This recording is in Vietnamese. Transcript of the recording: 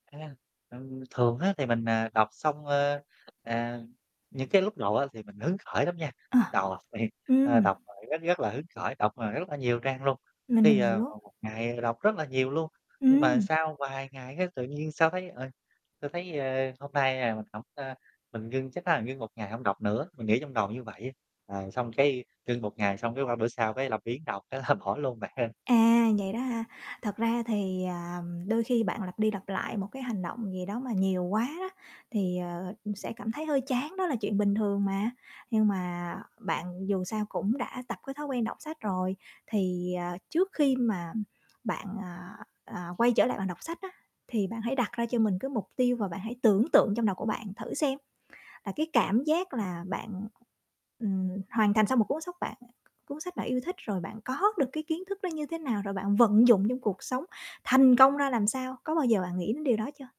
À, ừ, thường á thì mình, à, đọc xong, ơ, à, những cái lúc đầu á thì mình hứng khởi lắm nha. Lúc À. đầu, ơ, Ừm. đọc còn rất rất là hứng khởi, đọc mà rất là nhiều trang luôn. Mình Khi, mình ờ, hiểu. vào một ngày đọc rất là nhiều luôn, nhưng mà Ừm. sau vài ngày cái tự nhiên sao thấy, ờ, sao thấy, ơ, hôm nay, à, mình hổng, ơ, mình ngưng chắc là ngưng 1 ngày hông đọc nữa, mình nghĩ trong đầu như vậy. Ờ, xong cái, ngưng 1 ngày xong cái qua bữa sau cái làm biếng đọc thế là bỏ luôn bạn hén. À, vậy đó hả? Thật ra thì, à, đôi khi bạn lặp đi lặp lại một cái hành động gì đó mà nhiều quá đó thì, ờ, ừm, sẽ cảm thấy hơi chán, đó là chuyện bình thường mà. Nhưng mà bạn dù sao cũng đã tập cái thói quen đọc sách rồi, thì, à, trước khi mà bạn, à, à, quay trở lại bạn đọc sách á, thì bạn hãy đặt ra cho mình cái mục tiêu, và bạn hãy tưởng tượng trong đầu của bạn thử xem, à, cái cảm giác là bạn, ừm, hoàn thành xong một cuốn sách bạn cuốn sách bạn yêu thích, rồi bạn có được cái kiến thức nó như thế nào rồi bạn vận dụng trong cuộc sống, thành công ra làm sao? Có bao giờ bạn nghĩ đến điều đó chưa?